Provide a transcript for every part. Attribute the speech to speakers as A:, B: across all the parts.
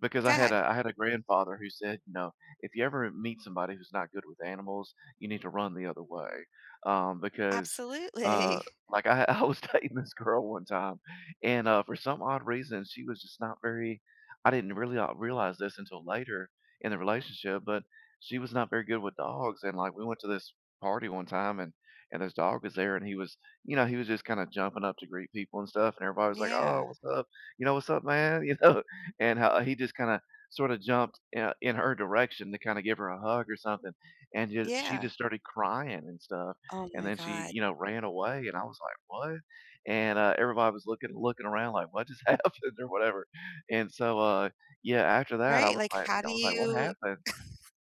A: Because I
B: Go
A: had
B: ahead.
A: a I had a grandfather who said, you know, "If you ever meet somebody who's not good with animals, you need to run the other way." Um, because, uh,
B: Absolutely.
A: like, I ha I was dating this girl one time, and, uh, for some odd reason, she was just not very I didn't really, uh, realize this until later in the relationship, but she was not very good with dogs, and, like, we went to this party one time, and and this dog was there, and he was you know, he was just kinda jumping up to greet people and stuff, and everybody
B: Mm,
A: was like, "Oh,
B: yeah.
A: what's up? You know, what's up, man?" You know? And, uh, he just kinda sorta jumped in, uh in her direction to kinda give her a hug or something, and ju she
B: Yeah.
A: just started crying and stuff,
B: Oh
A: and
B: my
A: then she,
B: god.
A: you know, ran away, and I was like, "What?" And, uh, everybody was looking looking around like, "What just happened?" Or whatever, and so, uh, yeah, after that, I
B: Right,
A: was
B: like,
A: like
B: how
A: I
B: do
A: was like, "What
B: you
A: happened?"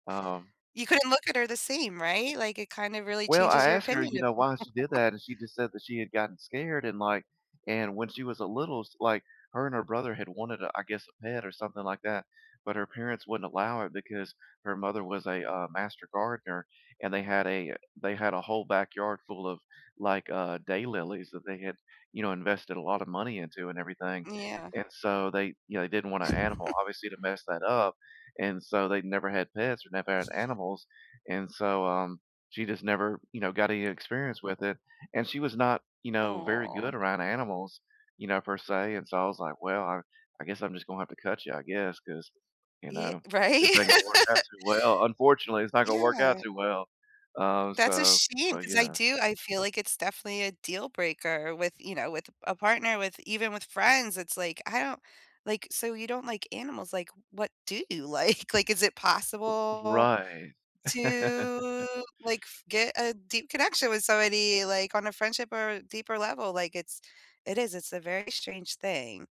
A: Um
B: You couldn't look at her the same, right? Like, it kind of really
A: Well,
B: changes
A: I
B: your
A: asked her,
B: opinion
A: you
B: of
A: know, why she did
B: people.
A: that and she just said that she had gotten scared, and, like and when she was a little s like, her and her brother had wanted a I guess, a pet or something like that, but her parents wouldn't allow it because her mother was a, uh, master gardener, and they had a they had a whole backyard full of, like, uh, daylilies that they had, you know, invested a lot of money into and everything.
B: Mm, yeah.
A: And so, they you know, they didn't want an animal, obviously, to mess that up, and so they'd never had pets or never had animals, and so, um, she just never, you know, got any experience with it. And she was not, you know, very good
B: Aw.
A: around animals, you know, per se. and so, I was like, "Well, I I guess I'm just gonna have to cut ya, I guess, 'cause, you
B: Ye
A: know, this
B: right?
A: ain't gonna work out too well. Unfortunately, it's not gonna work out
B: Yeah.
A: too well." Um,
B: That's a
A: so
B: shame
A: but
B: 'cause I
A: yeah.
B: do I feel like it's definitely a deal breaker with you know, with a a partner, with even with friends, it's, like, I don't like, so you don't like animals, like, what do you like? Like, is it
A: O
B: possible
A: Right.
B: to, like, f get a deep connection with somebody, like, on a friendship or deeper level? Like, it's it is, it's a very strange thing.